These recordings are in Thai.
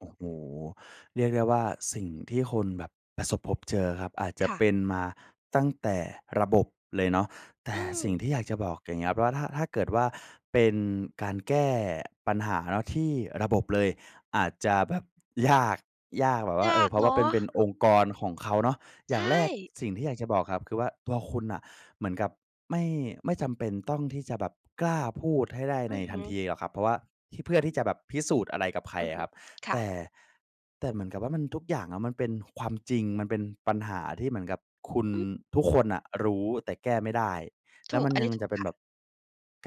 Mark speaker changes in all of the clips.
Speaker 1: โอ้โฮ เรียกได้ว่า สิ่งที่คุณแบบประสบผมเจอครับ อาจจะ
Speaker 2: ค่ะ
Speaker 1: เป็นมาตั้งแต่ระบบเลยเนาะ แต
Speaker 2: อ
Speaker 1: ่
Speaker 2: ื
Speaker 1: สิ่ง
Speaker 2: ม
Speaker 1: ที่อยากจะบอกอย่างเงี้ยครับว่า ถ้า ถ้าเกิดว่า เป็นการแก้ปัญหาที่ระบบเลยอาจจะแบบยาก ยากแบบว่
Speaker 2: ย
Speaker 1: า เอ
Speaker 2: า
Speaker 1: อ
Speaker 2: ก
Speaker 1: เพราะ
Speaker 2: เ
Speaker 1: ว
Speaker 2: น
Speaker 1: ่าเ
Speaker 2: า
Speaker 1: ป็น เป็น
Speaker 2: ะ
Speaker 1: องค์กรของเขาเนาะ อ
Speaker 2: ใ
Speaker 1: ย
Speaker 2: ช
Speaker 1: ่างแรก
Speaker 2: ่
Speaker 1: สิ่งที่อยากจะบอกครับ คือว่าตัวคุณน่ะเหมือนกับไม่ ไม่จำเป็นต้องที่จะแบบกล้าพูดให้ได้
Speaker 2: อ
Speaker 1: ใน
Speaker 2: ือฮ
Speaker 1: ทัน
Speaker 2: ึ
Speaker 1: ทีหรอกครับ เพราะว่าที่ เพื่อที่จะแบบพิสูจน์อะไรกับใคร
Speaker 2: อือ
Speaker 1: อ
Speaker 2: ฮ
Speaker 1: ะ
Speaker 2: ึ
Speaker 1: ครับ
Speaker 2: ค
Speaker 1: แต
Speaker 2: ่ะ
Speaker 1: ่- แต่เหมือนกับว่ามัน ทุกอย่างอะมันเป็นความจริง มันเป็นปัญหาที่เหมือนกับคุณ
Speaker 2: อืม
Speaker 1: ทุกคนน่ะรู้แต่แก้ไม่ได้ แล
Speaker 2: ถ
Speaker 1: ้ว
Speaker 2: ู
Speaker 1: ม
Speaker 2: ก
Speaker 1: ัน
Speaker 2: อัน
Speaker 1: ย
Speaker 2: นี
Speaker 1: ั
Speaker 2: ้
Speaker 1: ง
Speaker 2: ถ
Speaker 1: จ
Speaker 2: ู
Speaker 1: ะเ
Speaker 2: ก
Speaker 1: ป็น
Speaker 2: ค่ะ
Speaker 1: แบบ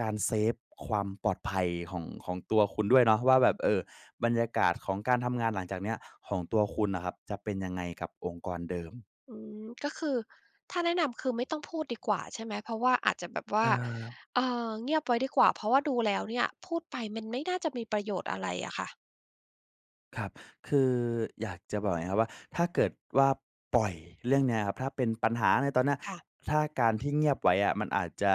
Speaker 1: การเซฟความปลอดภัยของ ของตัวคุณด้วยเนาะว่าแบ
Speaker 2: อื
Speaker 1: บ
Speaker 2: ม
Speaker 1: เออ บรรยากาศของการทำงานหลังจากนี้อะของตัวคุณน่ะครับ จะเป็นยังไงกับองค์กรเดิม?
Speaker 2: อืม ก็คือถ้าแนะนำคือไม่ต้องพูดดีกว่าใช่ไหม? เพราะว่าอาจจะแบบว่า
Speaker 1: เออ
Speaker 2: เอ่อ เงียบไว้ดีกว่า เพราะว่าดูแล้วเนี่ย พูดไปมันไม่น่าจะมีประโยชน์อะไรอะค่ะ
Speaker 1: ครับ คือ อยากจะบอกไงครับว่า ถ้าเกิดว่าปล่อยเรื่องนี้ครับ ถ้าเป็นปัญหาในตอนเนี้ย
Speaker 2: ค่ะ
Speaker 1: ถ้าการที่เงียบไว้อะมันอาจจะ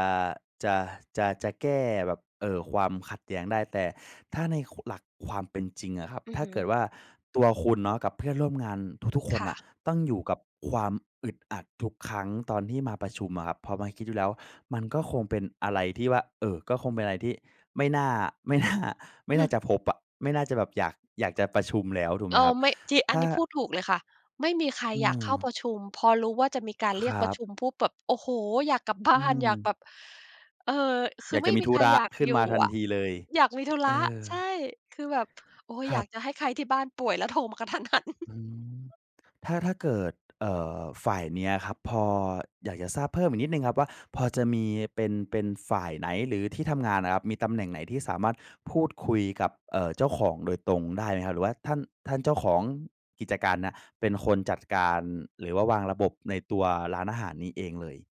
Speaker 1: จะ จะ จะแก้แบบ เอ่อ ความขัดแย้งได้ แต่ถ้าใน ค หลักความเป็นจริงอะครับ
Speaker 2: อื
Speaker 1: ถ
Speaker 2: อ
Speaker 1: ้า
Speaker 2: ฮ
Speaker 1: เกิด
Speaker 2: ึ
Speaker 1: ว่า ตัวคุณเนาะกับเพื่อนร่วมงานทุก ๆ ค
Speaker 2: ค
Speaker 1: น
Speaker 2: ่
Speaker 1: น่
Speaker 2: ะ
Speaker 1: ะ ต้องอยู่กับความอึดอัดทุกครั้งตอนที่มาประชุมอะครับ พอมาคิดอยู่แล้ว มันก็คงเป็นอะไรที่ว่า เอ่อ ก็คงเป็นอะไรที่ไม่น่า ไม่น่า ไม่น่าจะพบอะ ไม่น่าจะแบบอยาก อยากจะประชุมแล้วถูกไ
Speaker 2: เ
Speaker 1: ห
Speaker 2: อ
Speaker 1: มคร
Speaker 2: อ
Speaker 1: ับ?
Speaker 2: ไม่ จี อั
Speaker 1: ถ
Speaker 2: น
Speaker 1: ้า
Speaker 2: นี้พูดถูกเลยค่ะ ไม่มีใคร
Speaker 1: อื
Speaker 2: อยากเข้าป
Speaker 1: ม
Speaker 2: ระชุม พอรู้ว่าจะมีการเร
Speaker 1: ค
Speaker 2: ีย
Speaker 1: ร
Speaker 2: ก
Speaker 1: ั
Speaker 2: ประ
Speaker 1: บ
Speaker 2: ชุมปุ๊บแบบ โอ้โฮ! อยากกลับบ
Speaker 1: อื
Speaker 2: ้าน อยาก
Speaker 1: ม
Speaker 2: แบบ เออ ค
Speaker 1: อ
Speaker 2: ื
Speaker 1: ย
Speaker 2: อ
Speaker 1: าก
Speaker 2: ไ
Speaker 1: จ
Speaker 2: ม
Speaker 1: ะ
Speaker 2: ่
Speaker 1: มี
Speaker 2: มี
Speaker 1: ธุ
Speaker 2: ใคร
Speaker 1: ระ
Speaker 2: อยาก
Speaker 1: ขึ้น
Speaker 2: อย
Speaker 1: ม
Speaker 2: ู
Speaker 1: า
Speaker 2: ่
Speaker 1: ทัน
Speaker 2: อะ
Speaker 1: ทีเลย
Speaker 2: อยากมีธุร
Speaker 1: เอ
Speaker 2: ะ
Speaker 1: อ
Speaker 2: ใช่ คือแบบ โอ้ย
Speaker 1: คร
Speaker 2: อย
Speaker 1: ั
Speaker 2: า
Speaker 1: บ
Speaker 2: กจะให้ใครที่บ้านป่วย แล้วโทรมา กระทันหัน
Speaker 1: อืม ถ้า ถ้าเกิด เอ่อ ฝ่ายนี้อะครับ พอ อยากจะทราบเพิ่มอีกนิดหนึ่งครับว่า พอจะมีเป็น เป็นฝ่ายไหน? หรือที่ทำงานอะครับ มีตำแหน่งไหนที่สามารถพูดคุยกับ เอ่อ เจ้าของโดยตรงได้ไหมครับ? หรือว่าท่าน- ท่านเจ้าของกิจการเนี่ยเป็นคนจัดการ หรือว่าวางระบบในตัวร้านอาหารนี้เองเลย?